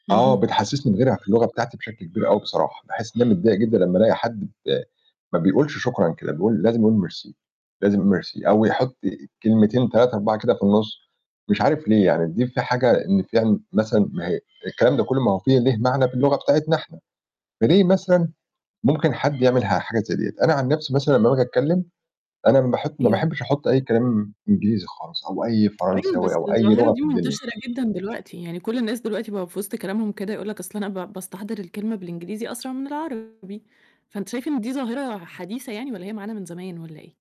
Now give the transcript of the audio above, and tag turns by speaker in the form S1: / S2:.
S1: آه،
S2: اهم.
S1: بتحسسني [unintelligible] في اللغة بتاعتي بشكل كبير أوي بصراحة، باحِسّ إن أنا متضايق جدًا لمّا ألاقي حد ب ما بيقولش شكرًا كده، بيقول لازم يقول ميرسي، لازم يقول ميرسي أو يحُطّ كلمتين 3 4 كده في النُّص، مش عارف ليه يعني، دي في حاجة إن فيها مثلًا ما هي الكلام ده كلّه ما في ليه معنى في اللغة بتاعتنا إحنا، فليه مثلًا ممكن حد يعمل ح حاجة زي ديّة؟ أنا عن نفسي مثلًا لمّا باجي أتكِّم أنا ما باحب ما
S2: أيوه.
S1: باحبش أحُطّ أي كلام إنجليزي خالص، أو أي
S2: أيوه،
S1: فرنساوي
S2: بس
S1: أو أي
S2: الظاهرة
S1: لغة
S2: دي
S1: في الدنيا.
S2: مُنتشرة جدًا دلوقتي، يعني كل الناس دلوقتي بقى في وسط كلامهم كده يقول لك أصلًا أنا با باستحضر الكلمة بالإنجليزي أسرع من العربي، فأنتِ شايفة إن دي ظاهرة حديثة يعني والّا هي معانا من زمان والّا إيه؟